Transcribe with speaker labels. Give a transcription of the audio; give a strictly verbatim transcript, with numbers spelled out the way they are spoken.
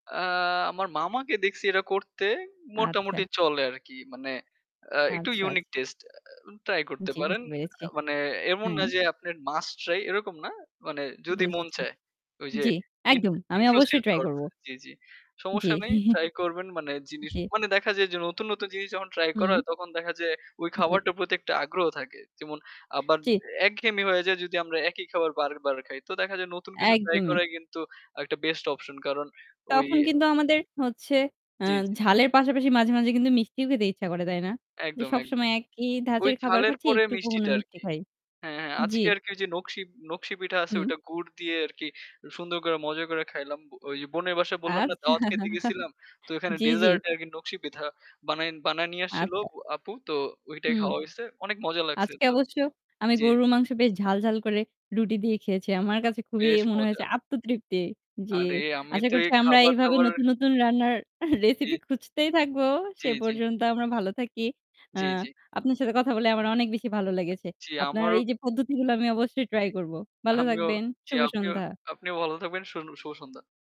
Speaker 1: আ আমার মামাকে দেখছি এরা করতে মোটামুটি
Speaker 2: আচ্ছা।
Speaker 1: চলে আরকি। মানে অ্যা একটু
Speaker 2: আচ্ছা,
Speaker 1: ইউনিক
Speaker 2: আচ্ছা।।
Speaker 1: টেস্ট ট্রাই করতে
Speaker 2: জি
Speaker 1: পারেন।
Speaker 2: বুঝতে পেরেছি।
Speaker 1: আ মানে এমন না
Speaker 2: হ্যাঁ।
Speaker 1: যে আপনার মাস্ট ট্রাই এরকম না। মানে যদি মন
Speaker 2: বুঝেছি।
Speaker 1: চায়। ওইযে
Speaker 2: জি
Speaker 1: ইন
Speaker 2: একদম আমি অবশ্যই
Speaker 1: inclusive
Speaker 2: ট্রাই
Speaker 1: thought
Speaker 2: করব।
Speaker 1: জি, জি।
Speaker 2: জ্বী।
Speaker 1: সমস্যা নেই। ট্রাই করবেন মানে জিনিস,
Speaker 2: জি।
Speaker 1: মানে দেখা যায় যে নতুন, নতুন জিনিস যখন ট্রাই করা
Speaker 2: হুম।
Speaker 1: হয় তখন দেখা যায় ওই
Speaker 2: জি।
Speaker 1: খাবারটার প্রতি একটা আগ্রহ থাকে। যেমন আবার
Speaker 2: চি
Speaker 1: একঘেমি হয়ে যায় যদি আমরা একই খাবার বারবার খাই। তো দেখা যায় নতুন কিছু ট্রাই
Speaker 2: একদমই।
Speaker 1: করাই কিন্তু একটা বেস্ট অপশন। কারণ ওই
Speaker 2: তখন কিন্তু আমাদের হচ্ছে আ
Speaker 1: জি, জি।
Speaker 2: ঝালের পাশাপাশি মাঝে, মাঝে কিন্তু মিষ্টিও খেতে ইচ্ছা করে তাই না? যে
Speaker 1: একদম, একদম।
Speaker 2: সবসময় একই
Speaker 1: ওই
Speaker 2: ধাঁচের খাবার
Speaker 1: ঝালের
Speaker 2: খাচ্ছি
Speaker 1: পরে
Speaker 2: একটুকু
Speaker 1: মিষ্টিটা
Speaker 2: [unintelligible] মিষ্টি
Speaker 1: আরকি।
Speaker 2: খাই।
Speaker 1: হ্যাঁ, হ্যাঁ
Speaker 2: জি।
Speaker 1: আজকে আরকি যে নকশি নকশি পিঠা আছে
Speaker 2: হু।
Speaker 1: ওইটা গুড় দিয়ে আরকি সুন্দর কইরা মজা কইরা খাইলাম। ব ওই বোনের বাসায় বললাম না
Speaker 2: আচ্ছা,
Speaker 1: দাওয়াত খেতে গেছিলাম। তো ওখানে
Speaker 2: জি, জি।
Speaker 1: ডেজার্ট আরকি নকশি পিথা বানায় বানায় নিয়ে আসছিলো
Speaker 2: আচ্ছা।
Speaker 1: ও আপু। তো ঐটাই
Speaker 2: হুম।
Speaker 1: খাওয়া হইছে। অনেক মজা লাগছে।
Speaker 2: আজকে
Speaker 1: তো
Speaker 2: অবশ্য আমি
Speaker 1: জি।
Speaker 2: গরুর মাংস বেশ ঝাল, ঝাল করে রুটি দিয়ে খেয়েছি। আমার
Speaker 1: আ
Speaker 2: কাছে খুবই
Speaker 1: বেশ
Speaker 2: মনে
Speaker 1: মজা।
Speaker 2: হয়েছে আত্মতৃপ্তি যে
Speaker 1: আরে আমি
Speaker 2: আশা
Speaker 1: তো এই
Speaker 2: করছি আমরা এইভাবে
Speaker 1: খাবার-দাবার।
Speaker 2: নতুন, নতুন রান্নার এহ
Speaker 1: অ্যা জী।
Speaker 2: রেসিপি খুঁজতেই থাকবো।
Speaker 1: জি,
Speaker 2: সে
Speaker 1: জি।
Speaker 2: পর্যন্ত আমরা ভালো থাকি। আ
Speaker 1: জি, জি।
Speaker 2: আপনার সাথে কথা বলে আমার অনেক বেশি ভালো লেগেছে।
Speaker 1: জি,
Speaker 2: আপনার
Speaker 1: আমারও।
Speaker 2: এইযে পদ্ধতিগুলো আমি অবশ্যই
Speaker 1: জি।
Speaker 2: ট্রাই করবো। ভালো
Speaker 1: আমিও
Speaker 2: থাকবেন।
Speaker 1: জি,
Speaker 2: শুভ
Speaker 1: আপনিও,
Speaker 2: সন্ধ্যা।
Speaker 1: আপনিও ভালো থাকবেন। শুন শুভ সন্ধ্যা।।